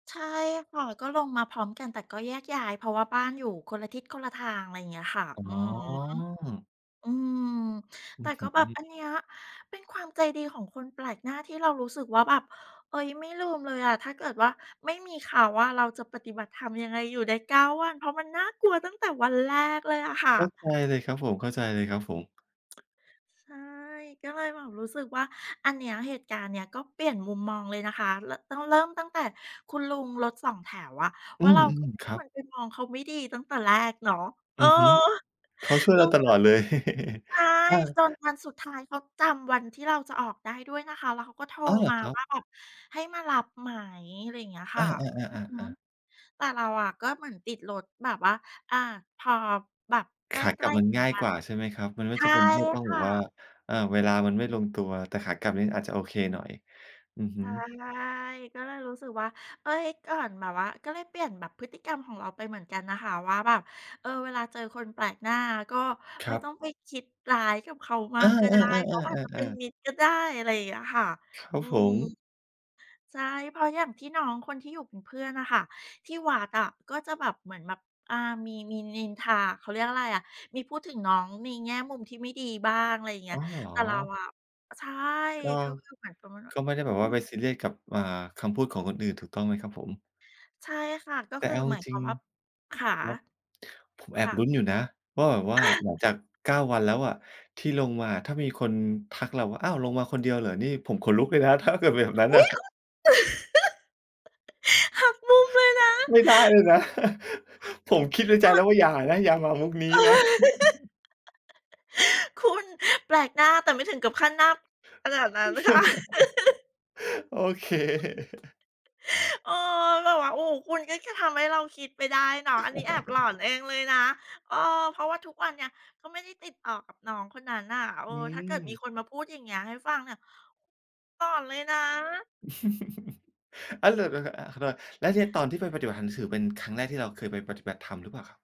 ใช่ค่ะ ก็ลงมาพร้อมกัน แต่ก็แยกย้าย เพราะว่าบ้านอยู่คนละทิศคนละทาง อะไรอย่างเงี้ยค่ะ อืออ๋ฮึ อ อืม อแืต่อฮก็แบบ อัึ นเนี้ยเป็นความใจดีของคนแปลกหน้าที่เรารู้สึกว่าแบบ เฮ้ย ไม่ลืมเลยอะ ถ้าเกิดว่าไม่มีเขาอะเราจะปฏิบัติธรรมยังไงอยู่ได้ 9 วัน เพราะมันน่ากลัวตั้งแต่วันแรกเลยอะค่เะ ข้าใจเลย ครับผม เข้าใจเลยครับผม ใช่ ก็เลยแบบรู้สึกว่า อันเนี้ย เหตุการณ์เนี้ย ก็เปลี่ยนมุมมองเลยนะคะ ร ต้องตั้งแต่คุณลุงรถสองแถวอะอืว่าเรม า ก็ไม่ๆ ครคับ วรไปมองเขาไม่ดีตั้งแต่แรกเนาะ เออือ อฮึ เขาช่วยลเรูาตลน อดเลย ใช่ อา จนวันสุดท้ายเขาจำวันที่เราจะออกได้ด้วยนะคะ แล้วเขาก็โทรอ้อ เหรมอา ครับ? ว่าแบบ "ให้มารับไหม?" อะไรอย่างเงี้ยคอ่า ะ อือๆ ฮึ ๆ ๆ ๆ แต่เราอะก็เหมือนติดรถ แบบว่า อ่า พอแบบใขกากลลั้ บมันๆ ถึงง่ายวักนว่า น่ะ ใช่ไหมครับ? มันไม่ใชจ่ำเป็นที่ต้องคแบ่บว่า ะ เอ่อ เวลามันไม่ลงตัว แต่ขากลับนี้อาจจะโอเคหน่อย อือฮึ ใช่ ก็เลยรู้สึกว่า เฮ้ย ก่อนแบบว่า ก็เลยเปลี่ยนแบบพฤติกรรมของเราไปเหมือนกันนะคะ ว่าแบบ เอ่อ เวลาเจอคนแปลกหน้า ก็คไรม่ับ ต้องไปคิดร้ายกับเขามเอาอ กก็ได้ เขาอาจจะเป็นๆ ๆ ๆ ๆ ๆ มิตรก็ได้ อะไรอย่างเงี้ยค่ะ ครัอบืผม ม ใช่ เพราะอย่างที่น้องคนที่อยู่เป็นเพื่อนน่ะค่ะ ที่วัดอะก็จะแบบเหมือนแบบ อ่า มี มีนินทา เขาเรียกอะไรอะ มีพูดถึงน้องในแง่มุมที่ไม่ดีบ้าง อะไรอย่างเงีอ้๋ย อ เหรอ? แต่เราอะ ใช่ ก็ เขาคือเหมือนประมาณว่กา ็ไม่ได้อืแบอบวฮ่ึ าไปซีเรียสกับ อ่า คำพูดของคนอื่นถูกต้องไหมครับผม? ใช่ค่ะ ก็แตค่ือเอาหจมายครวิาง มว่า ๆ คคะ? รับ ผมแคอบ่ลุะ ้นอยู่นะว่าแบบว่า หลังจาก 9 วันแล้วอะที่ลงมา ถ้ามีคนทักเราว่า "อ้าว! ลงมาคนเดียวเหรอ?" นี่ผมขนลุกเลยนะ ถ้าเกิดเป็นแบบนั้นอนุ่ะ ๊ย! คุณ หักมุมเลยนะ ไม่ได้เลยนะ ผมคิดในใจอแล้ด วว่า "อย่านะ! อย่ามามุกนี้นะ" คุณ แปลกหน้า แต่ไม่ถึงกับขั้นหน้า ขนาดนั้นค่ะ โอเค เออ แบบว่า โอ้โฮ คุณก็ ก ทำให้เราคิดไปได้เนาะ อันนี้แอบหลอนเองเลยนะ เออ เพราะว่าทุกวันเนี่ย ก็ไม่ได้ติดต่อกับน้องคนนั้นน่ะ เออ อืถ้าเกิดมม ีคนมาพูดอย่างเงี้ยให้ฟังเนี่ย หลอนเลยนะ อา ล ต ห อา ขอโทษ แล้วทีเนี้ยตอนที่ไปปฏิบัติทางสื่อ เป็นครั้งแรกที่เราเคยไปปฏิบัติธรรมหรือเปล่าครับ?